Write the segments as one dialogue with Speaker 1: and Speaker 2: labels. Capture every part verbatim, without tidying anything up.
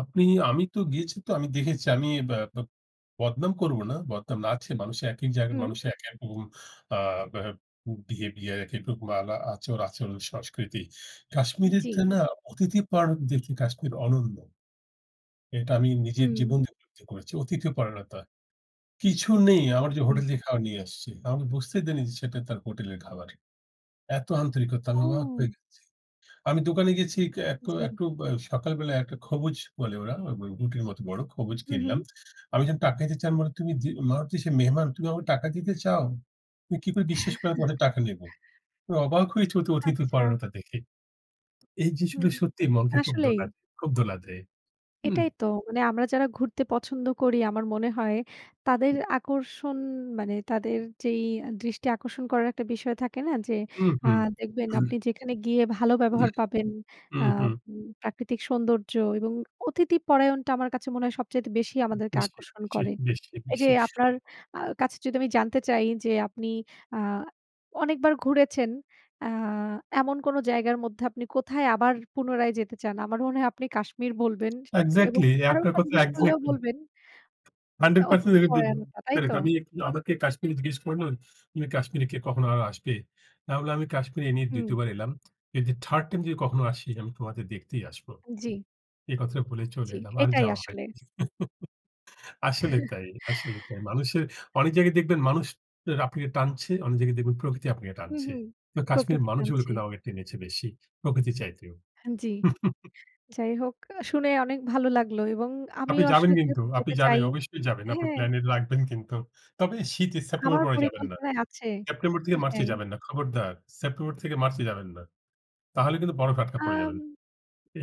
Speaker 1: আপনি, আমি তো গিয়েছি, তো আমি দেখেছি আমি ব্যা ব্যেব বদনাম করব না। বদনাম না আছে মানুষের, একই জায়গায়
Speaker 2: হুম।
Speaker 1: মানুষের এক, এক রকম এ্যাঁ ব্যেব বিহেভিয়ার এক রকম আলা আচার আচরণ, সংস্কৃতি।
Speaker 2: উম জি।
Speaker 1: কাশ্মীরেতে না? অতিথি পরায়ণ দেখি কাশ্মীর অনন্য। এটা আমি নিজের জীবন
Speaker 2: হুম।
Speaker 1: দিয়ে অনুভুতি করেছি। অতিথি পরায়ণতা। কিছু নেই, আমার যে,
Speaker 2: হুম।
Speaker 1: হোটেল থেকে খাবার নিয়ে আসছে। তারা বুঝতে দেয়নি যে, সেটা তার হোটেলের খাবার। এত আন্তরিকতা নানা
Speaker 2: ও!
Speaker 1: [unintelligible] আমি দোকানে গেছি এক
Speaker 2: জি।
Speaker 1: একটু, ব্য সকাল বেলায় একটা খবুজ বলে ওরা, রুটির মত বড় খবুজ
Speaker 2: হু, হুম।
Speaker 1: কিনলাম। আমি যখন টাকা দিতে যাই বলে, "তুমি যে, মারুতি সে মেহমান, তুমি আমাকে টাকা দিতে চাও? তুমি কি করে বিশ্বাস করো আমি তোমাদের টাকা নেব?" আমি অবাক হয়েছি ওদের অতিথি
Speaker 2: আচ্ছা।
Speaker 1: পরায়ণতা দেখে। এই
Speaker 2: হুম,
Speaker 1: দৃশ্যটা সত্যি মনকে খুব
Speaker 2: আসলেই।
Speaker 1: দোলা দেয়, খুব দোলা দেয়। হুম।
Speaker 2: এটাই তো, মানে আমরা যারা ঘুরতে পছন্দ করি আমার মনে হয়, তাদের আকর্ষণ মানে তাদের যেই আ দৃষ্টি আকর্ষণ করার একটা বিষয় থাকে না? যে, আ
Speaker 1: উহু।
Speaker 2: দেখবেন আপনি যেখানে গিয়ে ভালো ব্যবহার পাবেন, আ
Speaker 1: উহুম।
Speaker 2: উম প্রাকৃতিক সৌন্দর্য এবং অতিথি পরায়ণটা আমার কাছে মনে হয় সবচাইতে বেশি আমাদেরকে
Speaker 1: বেশ
Speaker 2: আকর্ষণ
Speaker 1: দেখেছি,
Speaker 2: করে।
Speaker 1: বেশ
Speaker 2: এই যে,
Speaker 1: দেখেছি।
Speaker 2: আপনার আ কাছে যদি আমি জানতে চাই যে, আপনি আ অনেকবার ঘুরেছেন। আ এমন কোনো জায়গার মধ্যে, আপনি কোথায় আবার পুনরায় যেতে চান? আমার মনে হয় আপনি কাশ্মীর বলবেন সে এবং
Speaker 1: এক্সাক্টলি। আপনার
Speaker 2: কারণটা
Speaker 1: কথা,
Speaker 2: জিজ্ঞেস করলেও
Speaker 1: এক্সাক্টলি।
Speaker 2: বলবেন।
Speaker 1: Hundred percent
Speaker 2: অতিথি
Speaker 1: এটা দে
Speaker 2: পরায়ণটা
Speaker 1: দ
Speaker 2: তাইতো?
Speaker 1: আমি, আমাকে কাশ্মীরি জিজ্ঞেস করলো, "তুমি কাশ্মীরে কি কখনো আরো আসবে?" আমি বললাম, "আমি কাশ্মীরে নিয়ে দ্বিতীয়
Speaker 2: হুম।
Speaker 1: বার এলাম। যদি Third টাইম যদি কখনো আসি, আমি তোমাদের দেখতেই আসব।"
Speaker 2: জি।
Speaker 1: এ কথাটা বলে চলে
Speaker 2: জি,
Speaker 1: এলাম। আর
Speaker 2: এটাই
Speaker 1: যাওয়া
Speaker 2: আসলে।
Speaker 1: হয়নি আসলে তাই, আসলে তাই। মানুষের, অনেক জায়গায় দেখবেন মানুষ আপনাকে টানছে, অনেক জায়গায় দেখবেন প্রকৃতি আপনাকে
Speaker 2: হু,
Speaker 1: টানছে।
Speaker 2: হু,
Speaker 1: তো কাশ্মীরের
Speaker 2: প্রকৃতি
Speaker 1: মানুষগুলো
Speaker 2: টানছে।
Speaker 1: কিন্তু আমাকে টেনেছে বেশি, প্রকৃতির চাইতেও।
Speaker 2: হ্যাঁন জি। যাই হোক শুনে অনেক ভালো লাগলো। এবং
Speaker 1: আপনি
Speaker 2: আমিও
Speaker 1: যাবেন
Speaker 2: আসলে
Speaker 1: কিন্তু,
Speaker 2: যেহেতু
Speaker 1: আপনি
Speaker 2: যেতে
Speaker 1: যাবেন।
Speaker 2: চাই
Speaker 1: অবশ্যই যাবেন। আপনার
Speaker 2: হ্যাঁ।
Speaker 1: প্ল্যানে রাখবেন কিন্তু। তবে শীতে, সেপ্টেম্বরের
Speaker 2: আমার
Speaker 1: পরে যাবেন না।
Speaker 2: পরিকল্পনায় আছে।
Speaker 1: সেপ্টেম্বর
Speaker 2: এ
Speaker 1: থেকে মার্চে
Speaker 2: হ্যাঁ।
Speaker 1: যাবেন না। খবরদার! সেপ্টেম্বর থেকে মার্চে যাবেন না। তাহলে কিন্তু বরফে আটকা পড়ে যাবেন।
Speaker 2: আম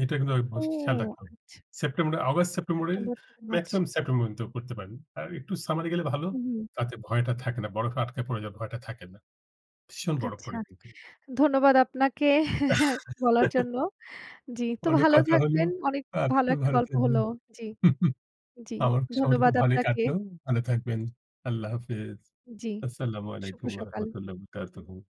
Speaker 1: এটা কিন্তু
Speaker 2: ও!
Speaker 1: অবশ্যই খেয়াল রাখুন।
Speaker 2: আচ্ছা।
Speaker 1: সেপ্টেম্বর অগাস্ট, সেপ্টেম্বরেই
Speaker 2: সেপ্টেম্বর থেকে মার্চ।
Speaker 1: মেক্সিমাম সেপ্টেম্বর পর্যন্ত কিন্তু করতে পারেন। আর একটু সামারে গেলে ভালো,
Speaker 2: হু, হুম।
Speaker 1: তাতে ভয়টা থাকে না। বরফে আটকা পড়ে যাওয়ার ভয়টা থাকে না। ভীষণ বরফ
Speaker 2: আচ্ছা।
Speaker 1: পড়ে কিন্তু।
Speaker 2: ধন্যবাদ আপনাকে বলার জন্য। জি, তো
Speaker 1: অনেক
Speaker 2: ভালো
Speaker 1: কথা হলো,
Speaker 2: থাকবেন। অনেক ভালো
Speaker 1: আপনিও
Speaker 2: একটা
Speaker 1: ভাল
Speaker 2: গল্প হল
Speaker 1: থাকবেন।
Speaker 2: জি। জি,
Speaker 1: আমার সময়টুকু
Speaker 2: ধন্যবাদ
Speaker 1: ভালোই
Speaker 2: আপনাকে।
Speaker 1: কাটল। ভালো থাকবেন। আল্লাহ হাফেজ।
Speaker 2: জি,
Speaker 1: আসসালামু
Speaker 2: শুভ
Speaker 1: আলাইকুম ওয়া
Speaker 2: সকাল।
Speaker 1: রাহমাতুল্লাহ অবরাকাতুহু।